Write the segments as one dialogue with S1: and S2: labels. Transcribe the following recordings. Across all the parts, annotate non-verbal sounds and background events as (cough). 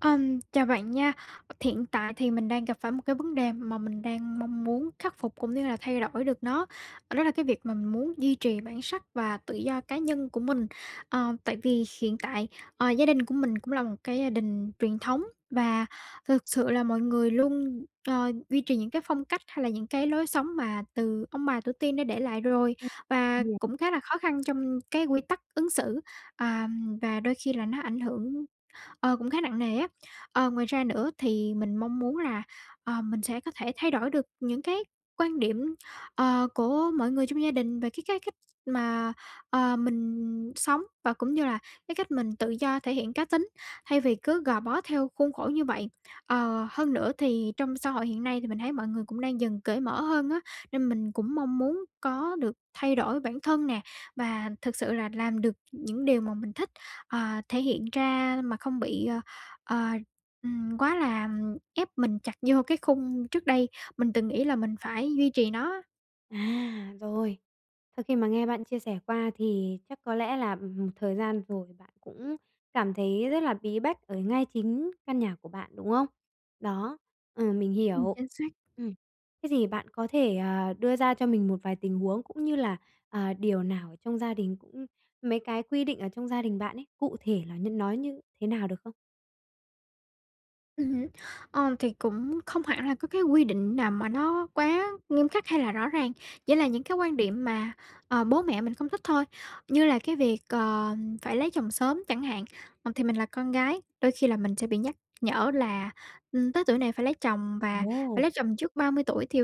S1: Ừm, chào bạn nha. Thiện tại thì mình đang gặp phải một cái vấn đề mà mình đang mong muốn khắc phục cũng như là thay đổi được nó, ờ, đó là cái việc mà mình muốn duy trì bản sắc và tự do cá nhân của mình. Ờ, tại vì hiện tại, ờ, gia đình của mình cũng là một cái gia đình truyền thống và thực sự là mọi người luôn, ờ, duy trì những cái phong cách, hay là những cái lối sống mà từ ông bà tổ tiên đã để lại rồi.
S2: Ừm.
S1: Và
S2: (unintelligible)
S1: cũng khá là khó khăn trong cái quy tắc ứng xử, ờm, và đôi khi là nó ảnh hưởng, ờ, cũng khá nặng nề á. Ờ, ngoài ra nữa thì mình mong muốn là, ờ, mình sẽ có thể thay đổi được những cái quan điểm, ờ, của mọi người trong gia đình về cái cái cách mà, ờ, mình sống và cũng như là cái cách mình tự do thể hiện cá tính, thay vì cứ gò bó theo khuôn khổ như vậy. Ờ, hơn nữa thì trong xã hội hiện nay thì mình thấy mọi người cũng đang dần cởi mở hơn á, nên mình cũng mong muốn có được thay đổi bản thân nè, và thực sự là làm được những điều mà mình thích, ờ, thể hiện ra mà không bị, ờ, ờ, ừm, quá là, ừm, ép mình chặt vô cái khung trước đây mình từng nghĩ là mình phải duy trì nó á.
S2: À, rồi. Sau khi mà nghe bạn chia sẻ qua thì chắc có lẽ là một thời gian rồi bạn cũng cảm thấy rất là bí bách ở ngay chính căn nhà của bạn, đúng không? Đó, ừ, mình
S1: Ừm,
S2: hiểu.
S1: chính xác!
S2: Ừm. Thế thì bạn có thể, ờ, đưa ra cho mình một vài tình huống cũng như là, ờ, điều nào ở trong gia đình cũng mấy cái quy định ở trong gia đình bạn ấy, cụ thể là như nó như thế nào được không?
S1: Ừm hứm. Ờ, thì cũng không hẳn là có cái quy định nào mà nó quá nghiêm khắc hay là rõ ràng, chỉ là những cái quan điểm mà, ờ, bố mẹ mình không thích thôi. Như là cái việc, ờ, phải lấy chồng sớm chẳng hạn, ờ, thì mình là con gái, đôi khi là mình sẽ bị nhắc nhở là, ừm, tới tuổi này phải lấy chồng và phải
S2: Ồ!
S1: lấy chồng trước 30 tuổi. Thì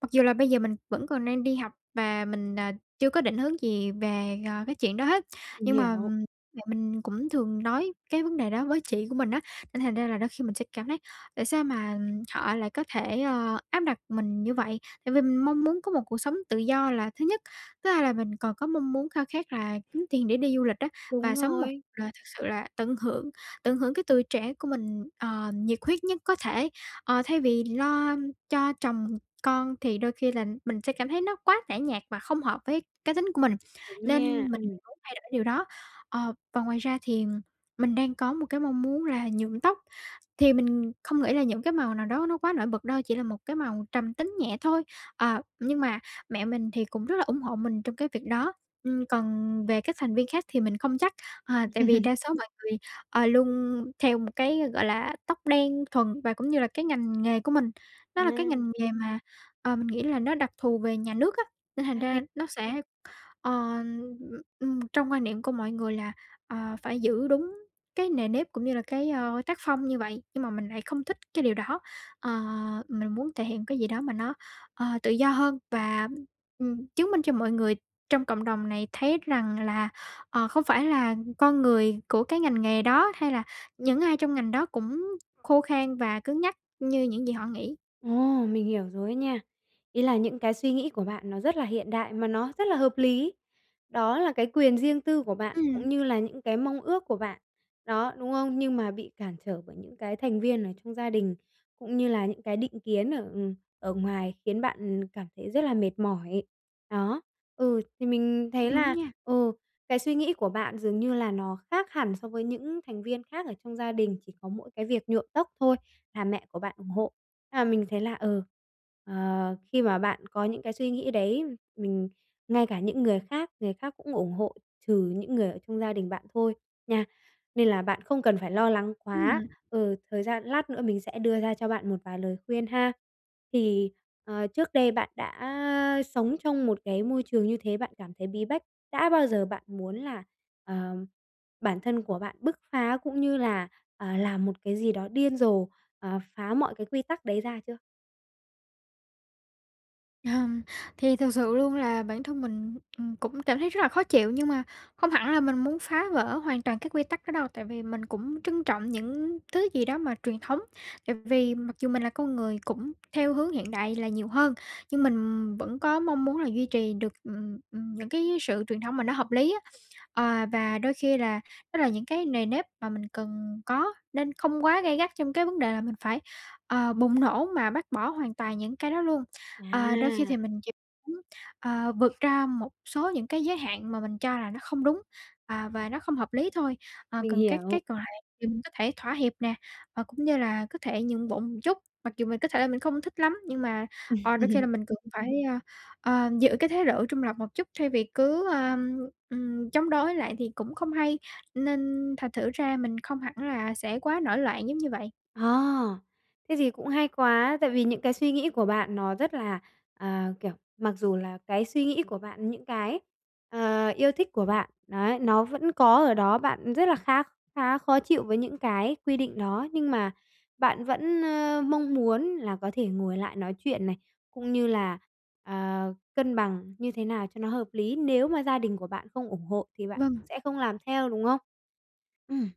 S1: mặc dù là bây giờ mình vẫn còn đang đi học và mình, à, chưa có định hướng gì về, ờ, cái chuyện đó hết,
S2: Mình
S1: nhưng mà,
S2: hiểu.
S1: ừm, mẹ mình cũng thường nói cái vấn đề đó với chị của mình á, nên thành ra là đôi khi mình sẽ cảm thấy tại sao mà họ lại có thể, ờ, áp đặt mình như vậy? Tại vì mình mong muốn có một cuộc sống tự do là thứ nhất; thứ hai là mình còn có mong muốn khao khát là kiếm tiền để đi du lịch á,
S2: Đúng
S1: và sống một
S2: rồi.
S1: cuộc đời thực sự là tận hưởng, tận hưởng cái tuổi trẻ của mình, ờ, nhiệt huyết nhất có thể. Ờ, thay vì lo cho chồng con thì đôi khi là mình sẽ cảm thấy nó quá tẻ nhạt và không hợp với cá tính của mình,
S2: Đúng
S1: nên mình
S2: nha, ừm.
S1: muốn thay đổi điều đó. Ờ, và ngoài ra thì mình đang có một cái mong muốn là nhuộm tóc, thì mình không nghĩ là những cái màu nào đó nó quá nổi bật đâu, chỉ là một cái màu trầm tính nhẹ thôi. Ờ, nhưng mà mẹ mình thì cũng rất là ủng hộ mình trong cái việc đó, ừm, còn về các thành viên khác thì mình không chắc, ờ, tại vì
S2: (laughs)
S1: đa số mọi người, ờ, luôn theo một cái, gọi là, tóc đen thuần. Và cũng như là cái ngành nghề của mình, nó là cái
S2: À.
S1: ngành nghề mà, ờ, mình nghĩ là nó đặc thù về nhà nước á, nên thành
S2: A, thế
S1: ra nó sẽ ờ, ừm, trong quan niệm của mọi người là, ờ, phải giữ đúng cái nề nếp cũng như là cái, ơ, tác phong như vậy. Nhưng mà mình lại không thích cái điều đó. Ờ, mình muốn thể hiện cái gì đó mà nó, ờ, tự do hơn và, ừm, chứng minh cho mọi người trong cộng đồng này thấy rằng là, ờ, không phải là con người của cái ngành nghề đó hay là những ai trong ngành đó cũng khô khan và cứng nhắc như những gì họ nghĩ.
S2: Ồ, mình hiểu rồi á nha. Ý là những cái suy nghĩ của bạn nó rất là hiện đại mà nó rất là hợp lý. Đó là cái quyền riêng tư của bạn
S1: Ừm.
S2: cũng như là những cái mong ước của bạn, đó, đúng không? Nhưng mà bị cản trở bởi những cái thành viên ở trong gia đình cũng như là những cái định kiến ở, ừm, ở ngoài khiến bạn cảm thấy rất là mệt mỏi. Đó, ừ, thì mình thấy
S1: Đúng
S2: là,
S1: nha.
S2: ừ, cái suy nghĩ của bạn dường như là nó khác hẳn so với những thành viên khác ở trong gia đình, chỉ có mỗi cái việc nhuộm tóc thôi là mẹ của bạn ủng hộ. Nhưng mà mình thấy là, ừ, ờ, khi mà bạn có những cái suy nghĩ đấy, mình ngay cả những người khác, người khác cũng ủng hộ trừ những người ở trong gia đình bạn thôi nha, nên là bạn không cần phải lo lắng quá.
S1: Ừm.
S2: Ừ, thời gian lát nữa mình sẽ đưa ra cho bạn một vài lời khuyên ha. Thì, ờ, trước đây bạn đã sống trong một cái môi trường như thế, bạn cảm thấy bí bách, đã bao giờ bạn muốn là, ờ, bản thân của bạn bứt phá cũng như là, ờ, làm một cái gì đó điên rồ, ờ, phá mọi cái quy tắc đấy ra chưa?
S1: Hừm, thì thực sự luôn là bản thân mình, ừm, cũng cảm thấy rất là khó chịu, nhưng mà không hẳn là mình muốn phá vỡ hoàn toàn các quy tắc đó đâu. Tại vì mình cũng trân trọng những thứ gì đó mà truyền thống. Tại vì, mặc dù mình là con người cũng theo hướng hiện đại là nhiều hơn, nhưng mình vẫn có mong muốn là duy trì được, ừm, ừm, những cái sự truyền thống mà nó hợp lý á. Ờ, và đôi khi là, đó là những cái nề nếp mà mình cần có nên không quá gay gắt trong cái vấn đề là mình phải, ờ, bùng nổ mà bác bỏ hoàn toàn những cái đó luôn. Ờ, đôi khi
S2: À.
S1: thì mình chỉ muốn, ờ, vượt ra một số những cái giới hạn mà mình cho là nó không đúng, à, và nó không hợp lý thôi. Ờ,
S2: Mình
S1: còn các
S2: hiểu.
S1: cái còn lại thì mình có thể thỏa hiệp nè, và cũng như là có thể nhượng bộ một chút. Mặc dù mình có thể là mình không thích lắm nhưng mà, ờ, đôi khi là
S2: (laughs)
S1: mình cần phải, ơ, ờ, giữ cái thái độ trung lập một chút thay vì cứ, ờm, ừm, chống đối lại thì cũng không hay, nên thành thử ra mình không hẳn là sẽ quá nổi loạn giống như vậy.
S2: Ờ. Thế thì cũng hay quá, tại vì những cái suy nghĩ của bạn nó rất là, ờ, kiểu mặc dù là cái suy nghĩ của bạn, những cái, ờ, yêu thích của bạn. Đấy, nó vẫn có ở đó, bạn rất là khác khá khó chịu với những cái quy định đó. Nhưng mà bạn vẫn, a, mong muốn là có thể ngồi lại nói chuyện này, cũng như là, ờ, cân bằng như thế nào cho nó hợp lý. Nếu mà gia đình của bạn không ủng hộ thì bạn
S1: Vâng.
S2: cũng sẽ không làm theo, đúng không? Ừm.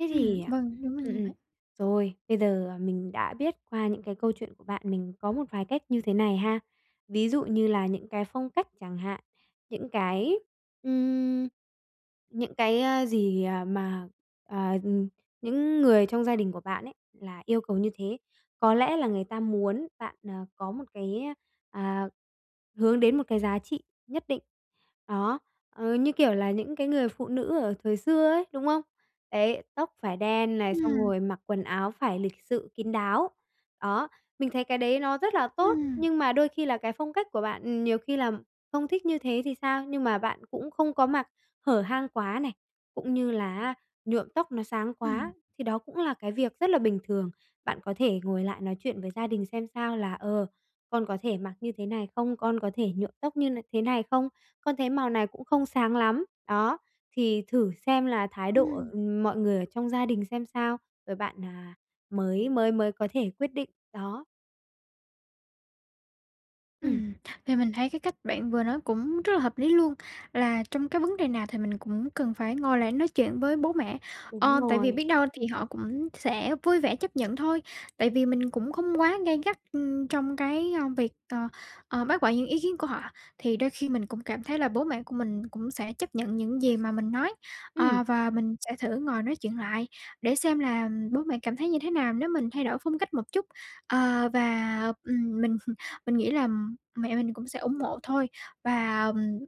S2: Thế
S1: Ừm,
S2: thì, ờ,
S1: vâng, đúng là
S2: ừm,
S1: như
S2: ừm.
S1: vậy.
S2: Rồi, bây giờ mình đã biết qua những cái câu chuyện của bạn, mình có một vài cách như thế này ha. Ví dụ như là những cái phong cách chẳng hạn, những cái, ưm, những cái, ơ, gì, à, mà, ờ, ừm, những người trong gia đình của bạn ấy là yêu cầu như thế. Có lẽ là người ta muốn bạn, à, có một cái, à, hướng đến một cái giá trị nhất định. Đó, ờ, như kiểu là những cái người phụ nữ ở thời xưa ấy, đúng không? Đấy, tóc phải đen này, xong
S1: Ừm.
S2: rồi mặc quần áo phải lịch sự kín đáo. Đó, mình thấy cái đấy nó rất là tốt,
S1: Ừm.
S2: nhưng mà đôi khi là cái phong cách của bạn, ừm, nhiều khi là không thích như thế thì sao? Nhưng mà bạn cũng không có mặc hở hang quá này, cũng như là á, nhuộm tóc nó sáng
S1: Ừm.
S2: quá, thì đó cũng là cái việc rất là bình thường. Bạn có thể ngồi lại nói chuyện với gia đình xem sao là, ờ, con có thể mặc như thế này không? Con có thể nhuộm tóc như n thế này không? Con thấy màu này cũng không sáng lắm. Đó, thì thử xem là thái độ,
S1: Ừm.
S2: ừm, mọi người ở trong gia đình xem sao, rồi bạn, à, mới mới mới có thể quyết định. Đó. Ừm.
S1: Ừm, thì mình thấy cái cách bạn vừa nói cũng rất là hợp lý luôn. Là trong cái vấn đề nào thì mình cũng cần phải ngồi lại nói chuyện với bố mẹ. Ờ,
S2: Đúng
S1: tại vì
S2: rồi.
S1: biết đâu thì họ cũng sẽ vui vẻ chấp nhận thôi. Tại vì mình cũng không quá gay gắt, ưm, trong cái, ơ, việc, ờ, ờ, bác bỏ những ý kiến của họ. Thì đôi khi mình cũng cảm thấy là bố mẹ của mình cũng sẽ chấp nhận những gì mà mình nói.
S2: Ừm.
S1: Ờ, và mình sẽ thử ngồi nói chuyện lại để xem là bố mẹ cảm thấy như thế nào nếu mình thay đổi phong cách một chút. Ờ, và, ừm, mình mình nghĩ là mẹ mình cũng sẽ ủng hộ thôi và, ừm,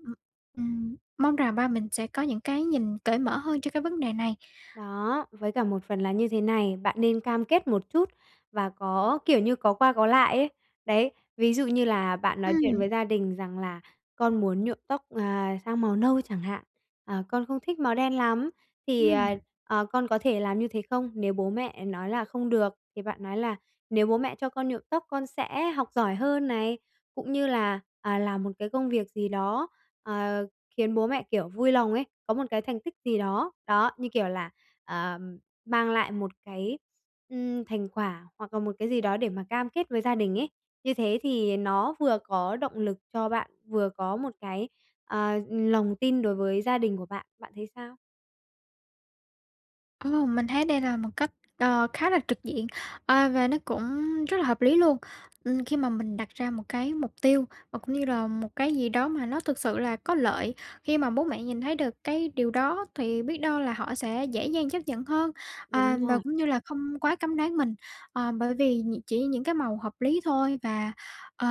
S1: ừm, mong rằng ba mình sẽ có những cái nhìn cởi mở hơn cho cái vấn đề này.
S2: Đó, với cả một phần là như thế này. Bạn nên cam kết một chút và có, kiểu như, có qua có lại ấy. Đấy, ví dụ như là bạn nói chuyện
S1: Ừm.
S2: với gia đình rằng là con muốn nhuộm tóc, à, sang màu nâu chẳng hạn, à, con không thích màu đen lắm thì, à,
S1: Ừm.
S2: à, con có thể làm như thế không? Nếu bố mẹ nói là: "Không được." Thì bạn nói là nếu bố mẹ cho con nhuộm tóc con sẽ học giỏi hơn này, cũng như là, à, làm một cái công việc gì đó, ờ, khiến bố mẹ, kiểu, vui lòng ấy, có một cái thành tích gì đó. Đó, như kiểu là, ờ, mang lại một cái, ừm, thành quả hoặc là một cái gì đó để mà cam kết với gia đình ấy. Như thế thì nó vừa có động lực cho bạn, vừa có một cái, ờ, lòng tin đối với gia đình của bạn. Bạn thấy sao?
S1: Ừm, mình thấy đây là một cách, ờ, khá là trực diện, a, và nó cũng rất là hợp lý luôn. Ừm khi mà mình đặt ra một cái mục tiêu, và cũng như là một cái gì đó mà nó thực sự là có lợi, khi mà bố mẹ nhìn thấy được cái điều đó thì biết đâu là họ sẽ dễ dàng chấp nhận hơn, à,
S2: Đúng
S1: và
S2: rồi.
S1: cũng như là không quá cấm đoán mình, ờ, bởi vì nh chỉ những cái màu hợp lý thôi. Và, ờ,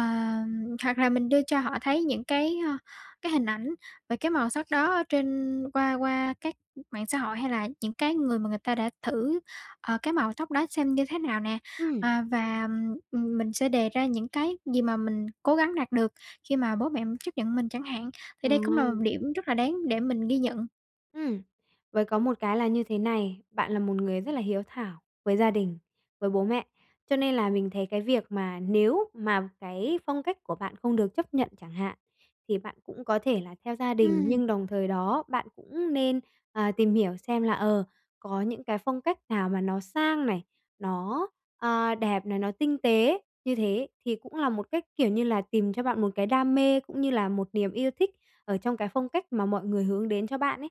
S1: hoặc là mình đưa cho họ thấy những cái, ơ, cái hình ảnh và cái màu sắc đó ở trên qua qua các mạng xã hội, hay là những cái người mà người ta đã thử, ờ, cái màu tóc đó xem như thế nào nè.
S2: Ừm.
S1: À và, ừm, mình sẽ đề ra những cái gì mà mình cố gắng đạt được khi mà bố mẹ chấp nhận mình chẳng hạn. Thì đây cũng là một
S2: Trời.
S1: điểm rất là đáng để mình ghi nhận.
S2: Ừm, với có một cái là như thế này, bạn là một người rất là hiếu thảo với gia đình, với bố mẹ. Cho nên là mình thấy cái việc mà nếu mà cái phong cách của bạn không được chấp nhận chẳng hạn, thì bạn cũng có thể là theo gia đình,
S1: Ừm.
S2: nhưng đồng thời đó bạn cũng nên, à, tìm hiểu xem là, ờ, có những cái phong cách nào mà nó sang này, nó, a, đẹp này, nó tinh tế. Như thế ý thì cũng là một cách, kiểu như là, tìm cho bạn một cái đam mê, cũng như là một niềm yêu thích ở trong cái phong cách mà mọi người hướng đến cho bạn ấy,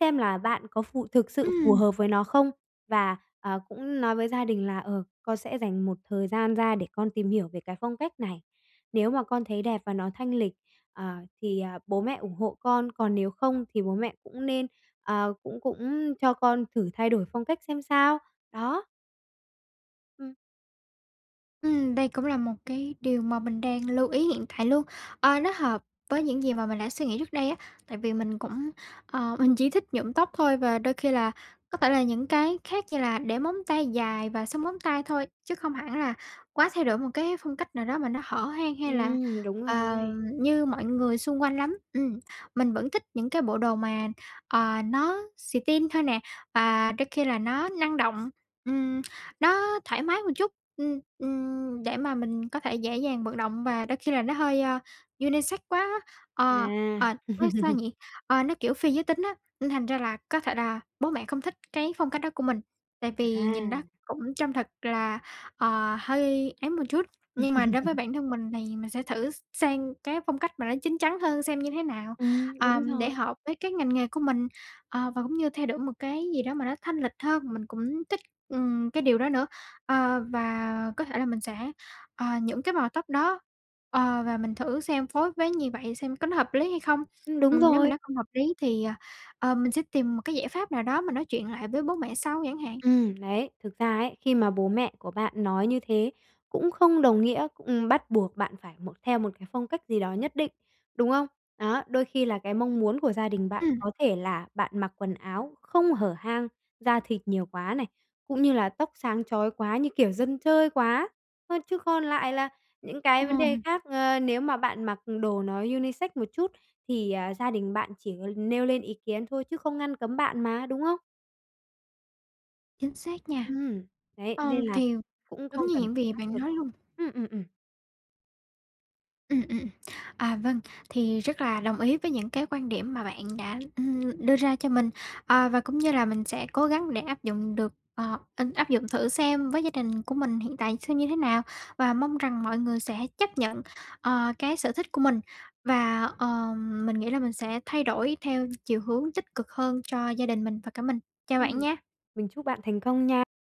S2: xem là bạn có phù thực sự phù
S1: Ừm.
S2: hợp với nó không. Và, à, cũng nói với gia đình là, ờ, con sẽ dành một thời gian ra để con tìm hiểu về cái phong cách này, nếu mà con thấy đẹp và nó thanh lịch, ờ, thì, ờ, bố mẹ ủng hộ con, còn nếu không thì bố mẹ cũng nên, ờ, cũng cũng cho con thử thay đổi phong cách xem sao, đó. Ừm.
S1: Ừm, đây cũng là một cái điều mà mình đang lưu ý hiện tại luôn. Ờ, nó hợp với những gì mà mình đã suy nghĩ trước đây á, tại vì mình cũng, ờ, mình chỉ thích nhuộm tóc thôi và đôi khi là, có thể là những cái khác như là để móng tay dài và sơn móng tay thôi, chứ không hẳn là quá thay đổi một cái phong cách nào đó mà nó hở hang hay là,
S2: Ừm, đúng
S1: ờ,
S2: rồi.
S1: như mọi người xung quanh lắm. Ừm, mình vẫn thích những cái bộ đồ mà, ờ, nó xì-tin thôi nè và đôi khi là nó năng động, ừm, nó thoải mái một chút, ừm, ừm, để mà mình có thể dễ dàng vận động và đôi khi là nó hơi, à, unisex quá á. Ờ,
S2: À.
S1: ờ, nói sao
S2: (laughs)
S1: nhỉ? Ờ, nó kiểu phi giới tính á, nên thành ra là có thể là bố mẹ không thích cái phong cách đó của mình, tại
S2: À.
S1: vì nhìn nó cũng trông thật là, ờ, hơi ấy một chút. Nhưng mà đối với
S2: (laughs)
S1: bản thân mình thì mình sẽ thử sang cái phong cách mà nó chín chắn hơn xem như thế nào,
S2: Ừm,
S1: ờ,
S2: đúng
S1: để
S2: rồi.
S1: hợp với cái ngành nghề của mình. Ờ, và cũng như thay đổi một cái gì đó mà nó thanh lịch hơn, mình cũng thích, ừm, cái điều đó nữa. Ờ, và có thể là mình sẽ, ờ, những cái màu tóc đó, ờ, và mình thử xem phối với gì vậy xem có nó hợp lý hay không?
S2: Ừm, đúng
S1: Ừm, nếu mà
S2: rồi.
S1: nó không hợp lý thì, ờ, ờ, mình sẽ tìm một cái giải pháp nào đó mà nói chuyện lại với bố mẹ sau chẳng hạn.
S2: Ừm, đấy, thực ra ấy khi mà bố mẹ của bạn nói như thế, cũng không đồng nghĩa, ừm, bắt buộc bạn phải một theo một cái phong cách gì đó nhất định, đúng không? Đó, đôi khi là cái mong muốn của gia đình bạn
S1: Ừm.
S2: có thể là bạn mặc quần áo không hở hang, da thịt nhiều quá này, cũng như là tóc sáng chói quá như kiểu dân chơi quá thôi. Chứ còn lại là những cái vấn đề
S1: Ừm.
S2: khác, ờ, nếu mà bạn mặc đồ nó unisex một chút thì, à, gia đình bạn chỉ nêu lên ý kiến thôi chứ không ngăn cấm bạn mà, đúng không?
S1: Chính xác nha,
S2: Ừm, đấy,
S1: ờm,
S2: nên là
S1: thì
S2: cũng
S1: đúng
S2: không
S1: như
S2: cần
S1: những
S2: phải
S1: gì
S2: áp
S1: bạn
S2: lực
S1: nói
S2: quá.
S1: luôn!
S2: Ừm, ừm, ừm.
S1: Ừm, ừm, ừm. À vâng, thì rất là đồng ý với những cái quan điểm mà bạn đã, ưm ,đưa ra cho mình, ờ, và cũng như là mình sẽ cố gắng để áp dụng được, ờ, ân áp dụng thử xem với gia đình của mình hiện tại xem như thế nào. Và mong rằng mọi người sẽ chấp nhận, ờ, cái sở thích của mình, và, ờ, mình nghĩ là mình sẽ thay đổi theo chiều hướng tích cực hơn cho gia đình mình và cả mình. Chào bạn
S2: Ừm.
S1: nha.
S2: Mình chúc bạn thành công nha!